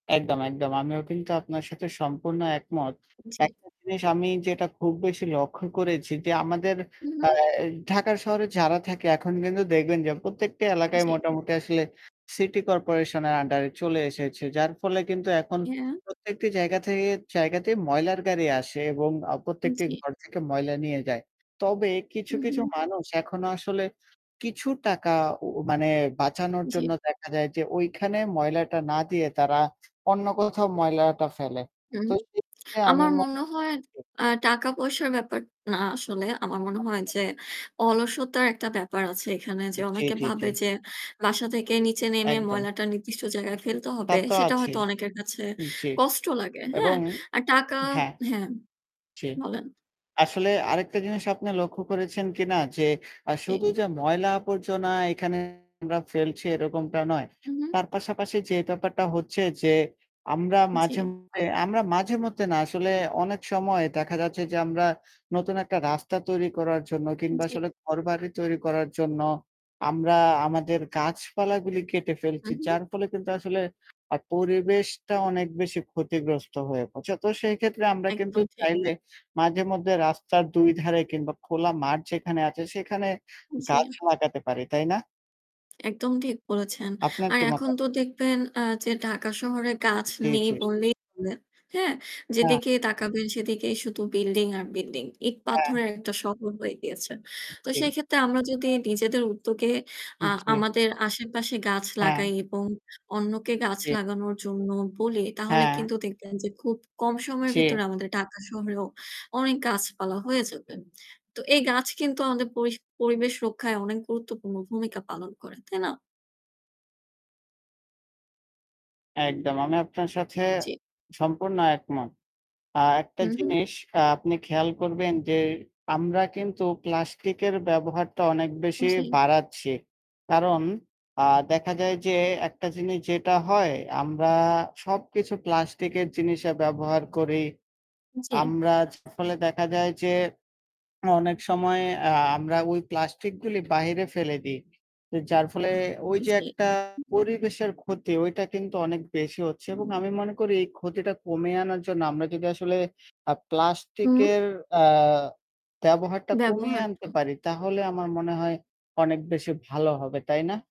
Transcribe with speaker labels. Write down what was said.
Speaker 1: একদম, একদম আমিও কিন্তু আপনার সাথে সম্পূর্ণ একমত।
Speaker 2: জি।
Speaker 1: একটা জিনিস আমি যেটা খুব বেশি লক্ষ্য করেছি যে আমাদের আ
Speaker 2: উহু।
Speaker 1: ঢাকার শহরে যারা থাকে এখন কিন্তু দেখবেন যে প্রত্যেকটি এলাকায়
Speaker 2: জি।
Speaker 1: মোটামুটি আসলে সিটি কর্পোরেশনের আন্ডারে চলে এসেছে। যার ফলে কিন্তু এখন
Speaker 2: ইয়া
Speaker 1: প্রত্যেকটি জায়গা থেকে জায়গাতে ময়লার গাড়ি আসে এবং আ প্রত্যেকটি
Speaker 2: জি।
Speaker 1: ঘর থেকে ময়লা নিয়ে যায়। তবে কিছু, কিছু
Speaker 2: উহু।
Speaker 1: মানুষ এখনো আসলে কিছু টাকা উউ মানে বাঁচানোর জন্য
Speaker 2: জি।
Speaker 1: দেখা যায় যে ওইখানে ময়লাটা না দিয়ে তারা অন্য কোথাও ময়লাটা ফেলে। তো
Speaker 2: উহু।
Speaker 1: সেই ক্ষেত্রে আমি
Speaker 2: আমার
Speaker 1: মনে
Speaker 2: মনে হয় আ টাকা-পয়সার ব্যাপার না আসলে। আমার মনে হয়
Speaker 1: আচ্ছা।
Speaker 2: যে অলসতার একটা ব্যাপার আছে এখানে। যে
Speaker 1: জি,
Speaker 2: অনেকে
Speaker 1: জি, জি।
Speaker 2: ভাবে যে বাসা থেকে নিচে নেমে
Speaker 1: একদম।
Speaker 2: ময়লাটা নির্দিষ্ট জায়গায় ফেলতে
Speaker 1: তা
Speaker 2: হবে
Speaker 1: তো
Speaker 2: সেটা
Speaker 1: আছি।
Speaker 2: হয়তো অনেকের কাছে
Speaker 1: জি
Speaker 2: কষ্ট লাগে, হ্যাঁ।
Speaker 1: এবং
Speaker 2: আর টাকা
Speaker 1: হ্যাঁ,
Speaker 2: হ্যাঁম
Speaker 1: জি।
Speaker 2: বলেন।
Speaker 1: আসলে আরেকটা জিনিস আপনি লক্ষ্য করেছেন কিনা যে অ্যা
Speaker 2: জি।
Speaker 1: শুধু যে ময়লা আবর্জনা এখানে আমরা ফেলছি এরকমটা নয়।
Speaker 2: উহু।
Speaker 1: তার পাশাপাশি যে ব্যাপারটা হচ্ছে যে আমরা
Speaker 2: জি।
Speaker 1: মাঝেমধ্যে আমরা মাঝেমধ্যে না আসলে অনেক সময় দেখা যাচ্ছে যে আমরা নতুন একটা রাস্তা তৈরি করার জন্য কিংবা
Speaker 2: জি।
Speaker 1: আসলে ঘরবাড়ি তৈরি করার জন্য আমরা আমাদের গাছপালাগুলি কেটে ফেলছি।
Speaker 2: উহু।
Speaker 1: যার ফলে কিন্তু আসলে আ পরিবেশটা অনেক বেশি ক্ষতিগ্রস্ত হয়ে পড়ছে। তো সেইক্ষেত্রে আমরা কিন্তু
Speaker 2: একদম ঠিক।
Speaker 1: চাইলে মাঝেমধ্যে রাস্তার ২ ধারে কিংবা খোলা মাঠ যেখানে আছে সেখানে গাছ
Speaker 2: জি।
Speaker 1: লাগাতে পারি। তাই না?
Speaker 2: একদম ঠিক বলেছেন।
Speaker 1: আপনার
Speaker 2: আর
Speaker 1: কি
Speaker 2: এখন
Speaker 1: মতা
Speaker 2: তো দেখবেন অ্যা যে ঢাকা শহরে গাছ
Speaker 1: জি,
Speaker 2: নেই
Speaker 1: জি।
Speaker 2: বললেই চলে, হ্যাঁ।
Speaker 1: হ্যাঁ।
Speaker 2: যেদিকেই তাকাবেন সেদিকেই শুধু building আর building। ইট
Speaker 1: হ্যাঁ।
Speaker 2: পাথরের একটা শহর হয়ে গিয়েছে।
Speaker 1: উপ
Speaker 2: তো
Speaker 1: জি।
Speaker 2: সেক্ষেত্রে আমরা যদি নিজেদের উদ্যোগে আ
Speaker 1: জি।
Speaker 2: আমাদের আশেপাশে গাছ লাগাই
Speaker 1: হ্যাঁ।
Speaker 2: এবং অন্যকে গাছ
Speaker 1: জি।
Speaker 2: লাগানোর জন্য বলি তাহলে
Speaker 1: হ্যাঁ।
Speaker 2: কিন্তু দেখবেন যে খুব কম সময়ের ভিতরে
Speaker 1: জি।
Speaker 2: আমাদের ঢাকা শহরেও অনেক গাছপালা হয়ে যাবে। তো এই গাছ কিন্তু আমাদের পরিশ পরিবেশ রক্ষায় অনেক গুরুত্বপূর্ণ ভূমিকা পালন করে, তাই না?
Speaker 1: একদম আমি আপনার সাথে
Speaker 2: জি।
Speaker 1: সম্পূর্ণ একমত। আ একটা
Speaker 2: হু, হু।
Speaker 1: জিনিস অ্যা আপনি খেয়াল করবেন যে আমরা কিন্তু প্লাস্টিকের ব্যবহারটা অনেক বেশি
Speaker 2: জি।
Speaker 1: বাড়াচ্ছি। কারণ আ দেখা যায় যে একটা জিনিস যেটা হয় আমরা সবকিছু প্লাস্টিকের জিনিসে ব্যবহার করি
Speaker 2: জি।
Speaker 1: আমরা। ফলে দেখা যায় যে অনেক সময় আ আমরা ওই প্লাস্টিকগুলি বাহিরে ফেলে দিই। যার ফলে ওই যে
Speaker 2: জি।
Speaker 1: একটা পরিবেশের ক্ষতি ওইটা কিন্তু অনেক বেশি হচ্ছে এবং আমি মনে করি এই ক্ষতিটা কমিয়ে আনার জন্য আমরা যদি আসলে আ
Speaker 2: উম
Speaker 1: প্লাস্টিকের অ্যা ব্যবহারটা কমিয়ে আনতে
Speaker 2: ব্যবহারটা।
Speaker 1: পারি তাহলে আমার মনে হয় অনেক বেশি ভালো হবে। তাই না?